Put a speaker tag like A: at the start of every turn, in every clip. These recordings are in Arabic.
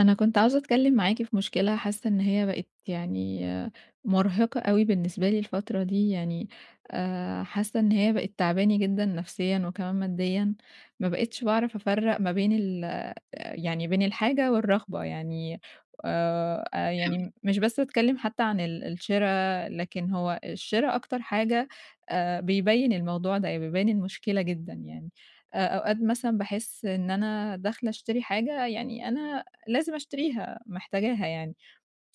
A: أنا كنت عاوزة أتكلم معاكِ في مشكلة حاسة إن هي بقت يعني مرهِقة أوي بالنسبة لي الفترة دي، يعني آآ حاسة إن هي بقِت تاعباني جدًا نفسيًا وكمان ماديًا، ما بقيتش باعرف أفرَّق ما بين ال آآ يعني بين الحاجة والرغبة يعني آآ، أ
B: تمام.
A: يعني مش بس باتكلم حتى عن ال الشرا، لكن هو الشرا أكتر حاجة آآ، بيبين الموضوع ده يع بيبين المشكلة جدًا يعني. آآ أوقات مثلًا باحس إن أنا داخلة أشتري حاجة يعني أنا لازم أشتريها، محتاجاها يعني،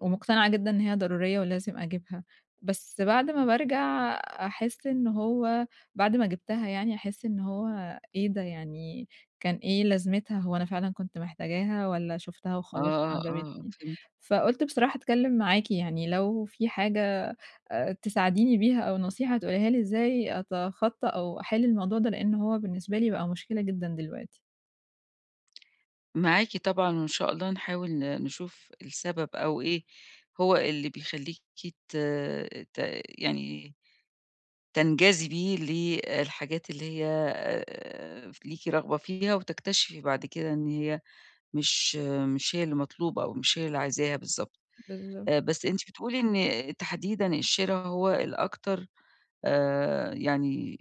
A: ومقتنعة جدًا إن هي ضرورية ولازم أجيبها، بس بعد ما بارجع أحس إن هو بعد ما جِبتها يعني، أحس إن هو إيه ده يعني كان إيه لازمتها، هو أنا فعلًا كنت محتاجاها والًا شُفتها
B: آه،
A: وخلاص
B: آه، آه
A: وعجبتني؟
B: فهمتِك.
A: فقُلت بصراحة أتكلم معاكِ يعني لو في حاجة آآ، تساعديني بيها أو نصيحة تقوليها لي إزاي أتخطى أو أحل الموضوع ده لأن هو بالنسبة لي بقى مشكلة جدًا دلوقتي.
B: معاكِ طبعًا، وإن شاء الله نحاول ن نشوف السبب، أو إيه هو اللي بيخلّيكِ ت ت يعني تنجذبي للحاجات اللي هي آآ ف ليكِ رغبة فيها وتكتشفي بعد كده إن هي مش مش هي اللي مطلوبة أو مش هي اللي عايزاها بالضبط.
A: بالضبط.
B: آآ بس أنتِ بتقولي إن تحديدًا الشرا هو الأكتر آآ، يعني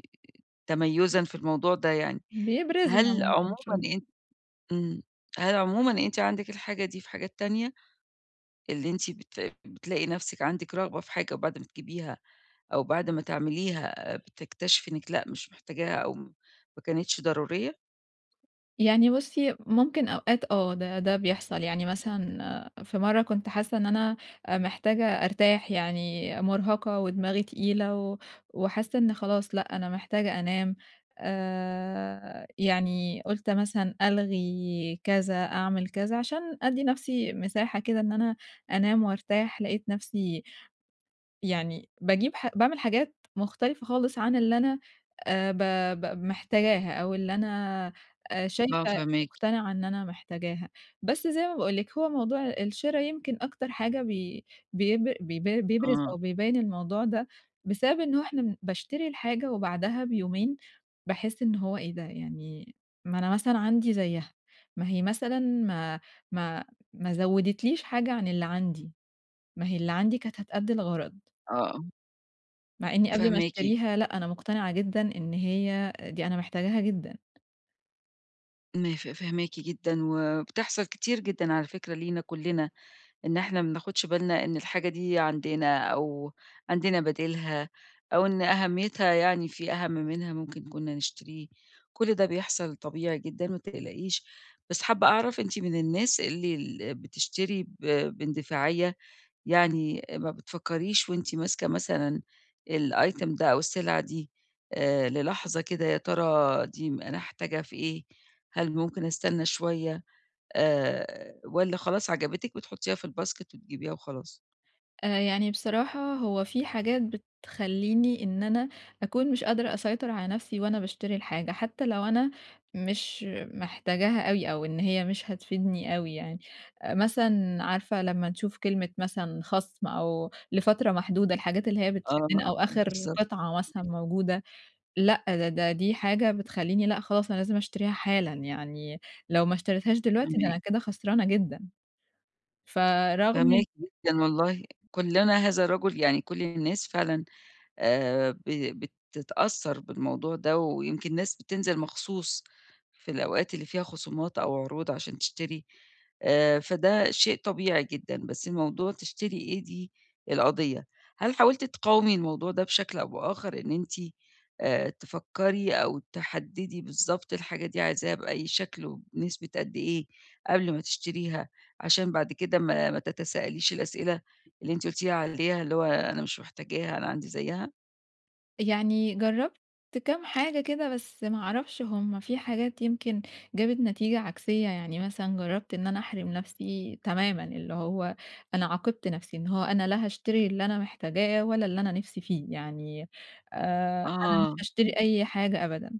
B: تميُزًا في الموضوع ده يعني.
A: بيبرزها
B: هل عمومًا
A: ممكن شوي
B: أن امم، هل عمومًا أنتِ عندِك الحاجة دي في حاجات تانية؟ اللي أنتِ بت بتلاقي نفسِك عندِك رغبة في حاجة وبعد ما تجيبيها أو بعد ما تعمليها بتكتشفي إنِك لأ مش محتاجاها أو م ما كانتش ضرورية؟
A: يعني بُصّي، ممكن أوقات آه ده ده بيحصل، يعني مثلًا في مرّة كنت حاسة إن أنا محتاجة أرتاح يعني مُرهقة ودماغي تقيلة و وحاسة إن خلاص لأ أنا محتاجة أنام، آآ يعني قُلت مثلًا ألغي كذا، أعمل كذا، عشان أدّي نفسي مساحة كده إن أنا أنام وأرتاح، لقيت نفسي يعني باجيب ح باعمل حاجات مختلفة خالص عن اللي أنا آآ ب ب محتاجاها، أو اللي أنا
B: آه،
A: شايفة
B: فاهماكِ.
A: مقتنعة إن أنا محتاجاها. بس زي ما باقول لِك هو موضوع الشرا يمكن أكتر حاجة بي بيبر بي بيبرز
B: آه.
A: أو بيبين الموضوع ده بسبب إن هو إحنا باشتري الحاجة وبعدها بيومين باحس إن هو إيه ده؟! يعني ما أنا مثلًا عندي زيها، ما هي مثلًا ما ما ما زودت ليش حاجة عن اللي عندي، ما هي اللي عندي كانت هتأدي الغرض.
B: آه.
A: مع إني قبل ما
B: فاهماكِ.
A: أشتريها لأ، أنا مقتنعة جدًا إن هي دي أنا محتاجاها جدًا.
B: ما ف فاهماكِ جدًا وبتحصل كتير جدًا على فكرة لينا كُلّنا إن إحنا ما بناخُدش بالنا إن الحاجة دي عندنا أو عندنا بديلها، أو إن أهمّيتها يعني في أهَم منها ممكن كُنّا نشتريه، كل ده بيحصل طبيعي جدًا ما تقلقيش. بس حابّة أعرف أنتِ من الناس اللي ال بتشتري ب باندفاعية؟ يعني ما بتفكِّريش وأنتِ ماسكة مثلًا الitem ده أو السلعة دي آآ، للحظة كده: يا ترى دي م أنا هاحتاجها في إيه، هل ممكن أستنّى شوية؟ آآ والّا خلاص عجبتِك بتحُطّيها في الباسكت وتجيبيها وخلاص؟
A: آآ يعني بصراحة هو في حاجات بتخلّيني إن أنا أكون مش قادرة أسيطر على نَفْسي وأنا باشتري الحاجة، حتّى لو أنا مش محتاجاها أوي أو إن هي مش هتفيدني أوي يعني. آآ مثلًا عارفة لمّا نشوف كلمة مثلًا خَصْم أو لفترة محدودة- الحاجات اللي هي
B: آه،
A: بتشدّنا- أو آخِر
B: بالضبط.
A: قطعة مثلًا موجودة؟ لأ، ده ده دي حاجة بتخلّيني لأ، خلاص أنا لازم أشتريها حالًا، يعني لو ما اشتريتهاش دلوقتي ده
B: [unintelligible]
A: أنا كده خسرانة جدًا. فرغم إن
B: فاهماكِ جدًا والله، كُلّنا هذا الرجُل، يعني كل الناس فعلًا آآ ب بتتأثّر بالموضوع ده ويمكن الناس بتنزل مخصوص في الأوقات اللي فيها خصومات أو عروض عشان تشتري، آآ فده شيء طبيعي جدًا، بس موضوع تشتري إيه دي، القضيّة. هل حاولتِ تقاومي الموضوع ده بشكل أو بآخَر إن أنتِ آآ، تفكّري أو تحدِّدي بالضبط الحاجة دي عايزاها بأي شكل وبنسبة قد إيه قبل ما تشتريها، عشان بعد كده ما ما تتساءليش الأسئلة اللي أنت قُلتِ لي عليها اللي هو: أنا مش محتاجاها أنا عندي زيّها؟
A: يعني جرّبت كام حاجة كده بس ما أعرفش هم في حاجات يمكن جابت نتيجة عكسية، يعني مثلًا جرّبت إن أنا أحرِم نَفْسي تمامًا، اللي هو أنا عاقبت نَفْسي إن هو أنا لا هاشتري اللي أنا محتاجاه ولا اللي أنا نِفْسي فيه، يعني آآ أنا
B: آه.
A: مش
B: ام
A: هاشتري أي حاجة أبدًا.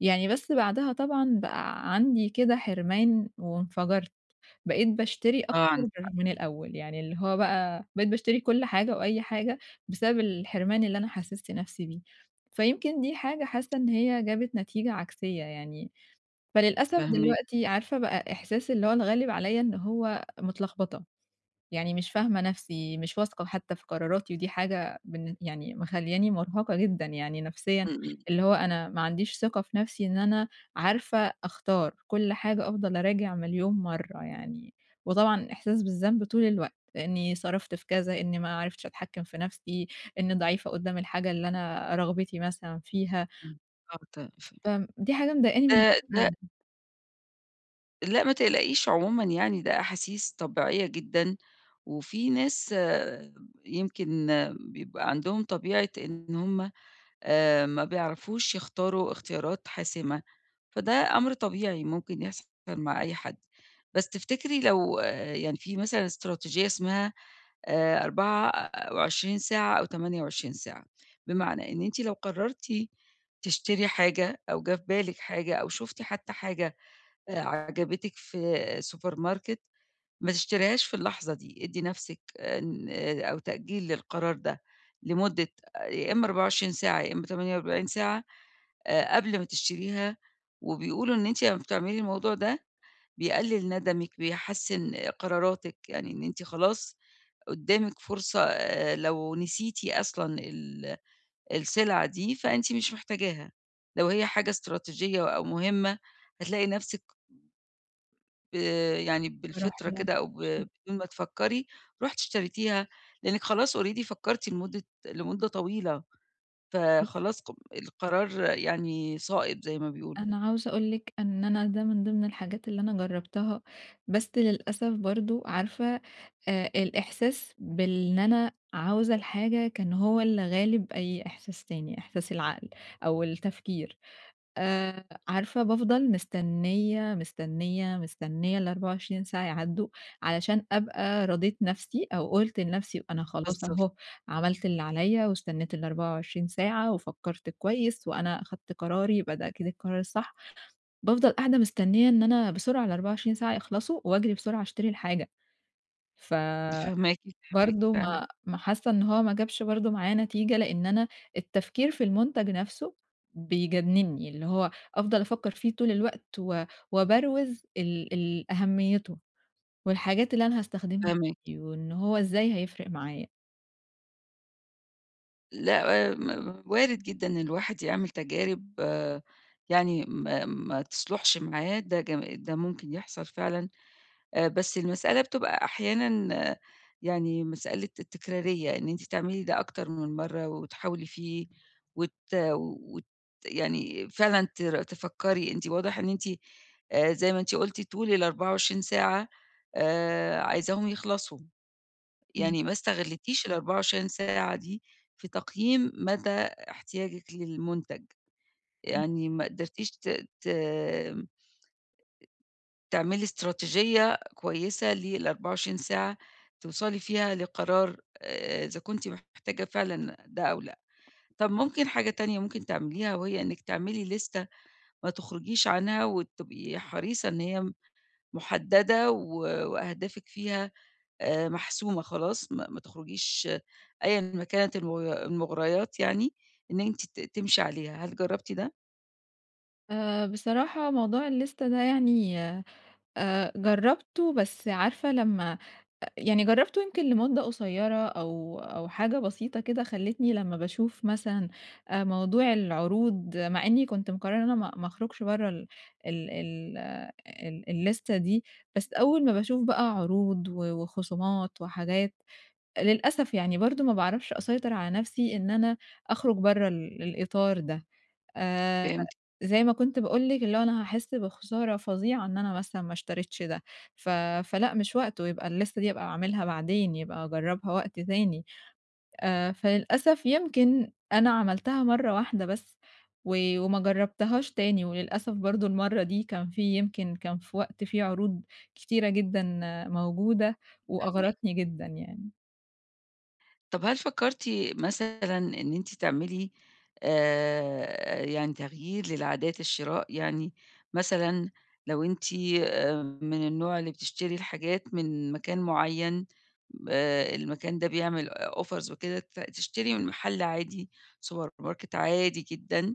A: يعني بس بعدها طبعًا بقى عندي كده حِرمان وانفجرت، بقيت باشتري أكتر
B: آه، عندِك حق.
A: من الأول، يعني اللي هو بقى بقيت باشتري كل حاجة وأي حاجة بسبب الحِرمان اللي أنا حسِّست نَفْسي بيه. فيمكن دي حاجة حاسّة إن هي جابت نتيجة عكسية يعني. فللأسف
B: فاهماكِ.
A: دلوقتي عارفة بقى إحساس اللي هو اتغلِّب عليّا إن هو متلخبطة، يعني مش فاهمة نَفْسي، مش واثقة وحتّى في قراراتي ودي حاجة بالن يعني مخلّياني مرهقة جدًا يعني نَفْسيًا،
B: إمم، إمم.
A: اللي هو أنا ما عنديش ثقة في نَفْسي إن أنا عارفة أختار، كل حاجة أفضل أراجع مليون مرّة يعني، وطبعًا إحساس بالذنب طول الوقت إنّي صرفت في كذا، إنّي ما عرفتش أتحكِّم في نَفْسي، إنّي ضعيفة قُدّام الحاجة اللي أنا رغبتي مثلًا فيها.
B: إمم. آه، ت ف
A: فم دي حاجة مضايقاني من
B: آآ، ده
A: [unintelligible]
B: لأ، ما تقلقيش عمومًا يعني، ده أحاسيس طبيعية جدًا، وفي ناس يمكن بيبقى عندهم طبيعة إن هُم، آآ، ما بيعرفوش يختاروا اختيارات حاسمة، فده أمر طبيعي ممكن يحصل مع أي حد. بس تفتكري لو يعني في مثلًا إستراتيجية اسمها، آآ، 24 ساعة أو 28 ساعة، بمعنى إن أنتِ لو قررتِ تشتري حاجة، أو جه في بالِك حاجة، أو شفتِ حتى حاجة، آآ، عجبتِك في سوبر ماركت، ما تشتريهاش في اللحظة دي، إدي نفسِك إن آآ أو تأجيل للقرار ده لمدة يا إما 24 ساعة، يا إما 48 ساعة، آآ، قبل ما تشتريها، وبيقولوا إن أنتِ لمّا بتعملي الموضوع ده، بيقلل ندمِك، بيحسن قراراتِك، يعني إن أنتِ خلاص، قدامِك فرصة، لو نسيتِ أصلًا ال السلعة دي، فأنتِ مش محتاجاها، لو هي حاجة إستراتيجية أو مهمة، هتلاقي نفسِك ب ب يعني
A: باروح
B: بالفطرة كده، أو ب
A: [unintelligible]
B: بدون ما تفكري، رُحتِ اشتريتيها، لأنكِ خلاص already فكرتِ لمدة لمدة طويلة،
A: بُصّي
B: فخلاص ق القرار يعني صائب، زي ما بيقولوا.
A: أنا عاوزة أقول لِك إن أنا ده من ضمن الحاجات اللي أنا جربتها، بس للأسف برضه، عارفة، آآ، الإحساس بال إن أنا عاوزة الحاجة، كان هو اللي غالب أي إحساس تاني، إحساس العقل أو التفكير. آآ، عارفة، بافضل مستنية، مستنية، مستنية، ال24 ساعة يعدّوا، علشان أبقى رَضيت نفسي، أو قُلت لنفسي، أنا خلاص
B: بالضبط.
A: أهو عملت اللي عليّا، واستنيت ال24 ساعة، وفكرت كويس، وأنا أخدت قراري، يبقى ده أكيد القرار الصح. بافضل قاعدة مستنية إن أنا بسرعة ال24 ساعة يخلصوا، وأجري بسرعة أشتري الحاجة. فبرضه
B: فاهماكِ، فاهماكِ، فاهمة.
A: ما ما حاسة إن هو ما جابش برضه معايا نتيجة، لأن أنا التفكير في المنتج نفسه بيجنني، اللي هو أفضل أفكر فيه طول الوقت، و وابروز ال ال أهميته، والحاجات اللي أنا هاستخدمها
B: فاهماكِ.
A: بيه، وإن هو إزاي هيفرق معايا.
B: لأ، م وارد جدًا إن الواحد يعمل تجارب يعني ما ما تصلحش معاه، ده ج ده ممكن يحصل فعلًا. آآ بس المسألة بتبقى أحيانًا يعني مسألة التكرارية، إن أنتِ تعملي ده أكتر من مرّة وتحاولي فيه، وت وت يعني فعلًا تر تفكري، أنتِ واضح إن أنتِ آآ زي ما أنتِ قُلتِ طول ال24 ساعة آآ، عايزاهم يخلصوا.
A: امم.
B: يعني ما استغلّيتيش ال24 ساعة دي في تقييم مدى احتياجِك للمنتج،
A: امم.
B: يعني ما قدرتيش ت ت أ تعملي إستراتيجية كويسة لل24 ساعة توصلي فيها لقرار آآ، إذا كنتِ محتاجة فعلًا ده أو لأ. طب ممكن حاجة تانية ممكن تعمليها وهي إنِك تعملي ليستة ما تخرجيش عنها وتبقي حريصة إن هي محددة و وأهدافِك فيها آآ، محسومة خلاص، ما ما تخرجيش أيًا ما كانت الم المغريات يعني إن أنتِ ت تمشي عليها، هل جربتِ ده؟
A: آآ، بصراحة موضوع الليستة ده يعني آآ جرّبته بس عارفة لمّا أ يعني جرّبته يمكن لمُدّة قصيرة أو أو حاجة بسيطة كده، خلتّني لمّا باشوف مثلًا آآ موضوع العروض مع إنّي كنت مقرّرة إن أنا ما ما أخرُجش برّه ال ال ال ال الليستة دي، بس أول ما باشوف بقى عروض و وخصومات وحاجات، للأسف يعني برضه ما باعرفش أسيطر على نَفْسي إن أنا أخرُج برّه ال الإطار ده. آآ،
B: فهمتكِ.
A: زي ما كنت باقول لِك اللي هو أنا هاحس بخسارة فظيعة إن أنا مثلًا ما اشتريتش ده، ف فلأ مش وقته، يبقى الليستة دي هابقى أعملها بعدين يبقى أجرّبها وقت تاني. آآ، فللأسف يمكن أنا عملتها مرّة واحدة بس و وما جرّبتهاش تاني، وللأسف برضه المرّة دي كان في يمكن كان في وقت في عروض كتيرة جدًا موجودة
B: فاهماكِ.
A: وأغرتني جدًا يعني.
B: طَب هل فكّرتِ مثلًا إن أنتِ تعملي آآ، يعني تغيير للعادات الشراء يعني؟ مثلًا لو أنتِ آآ من النوع اللي بتشتري الحاجات من مكان معيّن، آآ، المكان ده بيعمل آآ offers وكده، ت تشتري من مَحَل عادي سوبر ماركت عادي جدًا،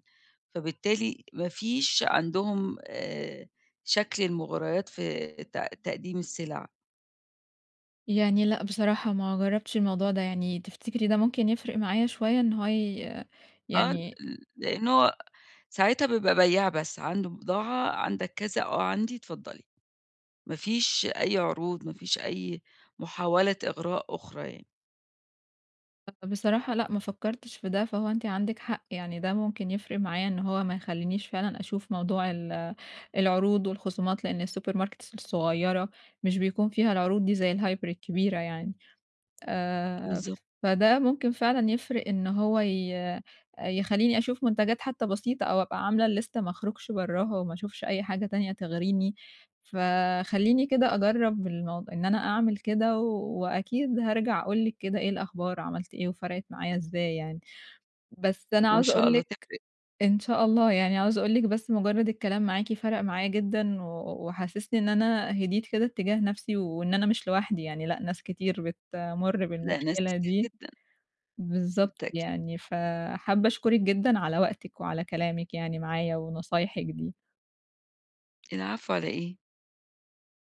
B: فبالتالي ما فيش عندهم آآ، شكل المُغريات في تق تقديم السِلَع.
A: يعني لأ، بصراحة ما جرّبتش الموضوع ده، يعني تفتكرِي ده ممكن يفرق معايا شوية إن هو ي
B: آه، ل
A: يعني
B: لإن هو ساعتها بيبقى بيّاع بس، عنده بضاعة "عندك كذا؟" "آه، عندي، اتفضّلي." ما فيش أي عروض، ما فيش أي محاولة إغراء أخرى يعني.
A: أ بصراحة لأ، ما فكّرتش في ده، فهو أنتِ عندِك حق، يعني ده ممكن يفرق معايا إن هو ما يخلّينيش فعلًا أشوف موضوع ال العروض والخصومات لإن الsuper markets الصغيّرة، مش بيكون فيها العروض دي زي الهايبر الكبيرة يعني. آآ
B: بالضبط.
A: فده ممكن فعلًا يفرق إن هو ي يخلّيني أشوف منتجات حتّى بسيطة أو أبقى عاملة الlist ما أخرُجش برّاها وما أشوفش أي حاجة تانية تغريني، فخلّيني كده أجرّب الموض إن أنا أعمل كده و وأكيد هارجع أقول لِك كده إيه الأخبار عملت إيه وفرقِت معايا إزاي يعني. بس أنا
B: وإن
A: عاوزة
B: شاء
A: أقول
B: الله
A: لِك
B: تفرق.
A: إن شاء الله، يعني عاوزة أقول لِك بس مجرّد الكلام معاكِ فرق معايا جدًا و وحسِّسني إن أنا هديت كده اتّجاه نَفْسي وإن أنا مش لوحدي يعني لأ، ناس كتير بتمُر
B: لأ، ناس
A: بالمشكلة
B: كتير
A: دي،
B: جدًا.
A: بالضبط
B: بالتأكيد.
A: يعني، فَحابّة أشكرِك جدًا على وقتِك وعلى كلامِك يعني معايا ونصايحِك دي.
B: العفو، على إيه؟